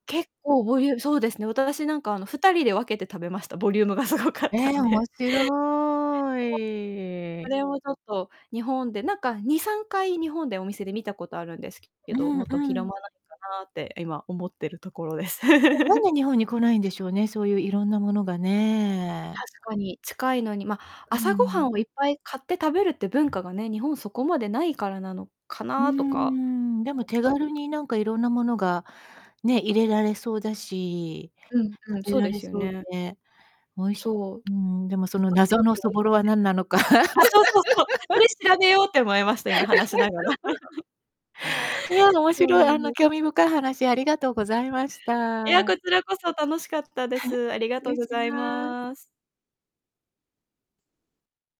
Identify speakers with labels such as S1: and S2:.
S1: 結構ボリュそうですね、私なんか、あの、2人で分けて食べました。ボリュームがすごかっ
S2: え
S1: たん
S2: え、面
S1: で。
S2: 白
S1: そそ
S2: い。
S1: れをちょっと日本で、なんか、2、3回、日本でお店で見たことあるんですけけ
S2: う
S1: ど、も
S2: ん
S1: っと、
S2: う
S1: 広
S2: ん。
S1: まないかなって今思ってるところです。
S2: もう、なん で日本に来ないんでしょうね、そういう色んなものがね。
S1: 確かに、近いのに、ま、
S2: う
S1: 朝ごは
S2: ん。
S1: んをいっぱい、買って食べるって文化がね、日本そこまでないからなのか
S2: うー
S1: なとか
S2: ん、でも
S1: 思っ
S2: 手
S1: たり、
S2: 軽
S1: い
S2: になんか色んなものが、ね、入れられそうだし、
S1: うん、うん、
S2: 食べ
S1: そう
S2: ら
S1: で
S2: れ
S1: すよ
S2: そう
S1: ね。
S2: で、おいし
S1: そう。
S2: うーん、でもその
S1: 作って
S2: 謎
S1: み
S2: の
S1: て
S2: そ
S1: もいい
S2: ぼ
S1: な
S2: ろ
S1: って。
S2: はなんなのか。
S1: あ、そうそうそう。そ れ調べようって思いました、今話しながら。
S2: いや、あの、面
S1: そう
S2: 白い、
S1: な
S2: あ
S1: ん
S2: の、
S1: です。
S2: 興味深い話ありがとうございまし
S1: いや、
S2: た。
S1: こちらこそ楽しかったです。ありがと
S2: 礼
S1: ご
S2: し
S1: ざい
S2: ま
S1: ます。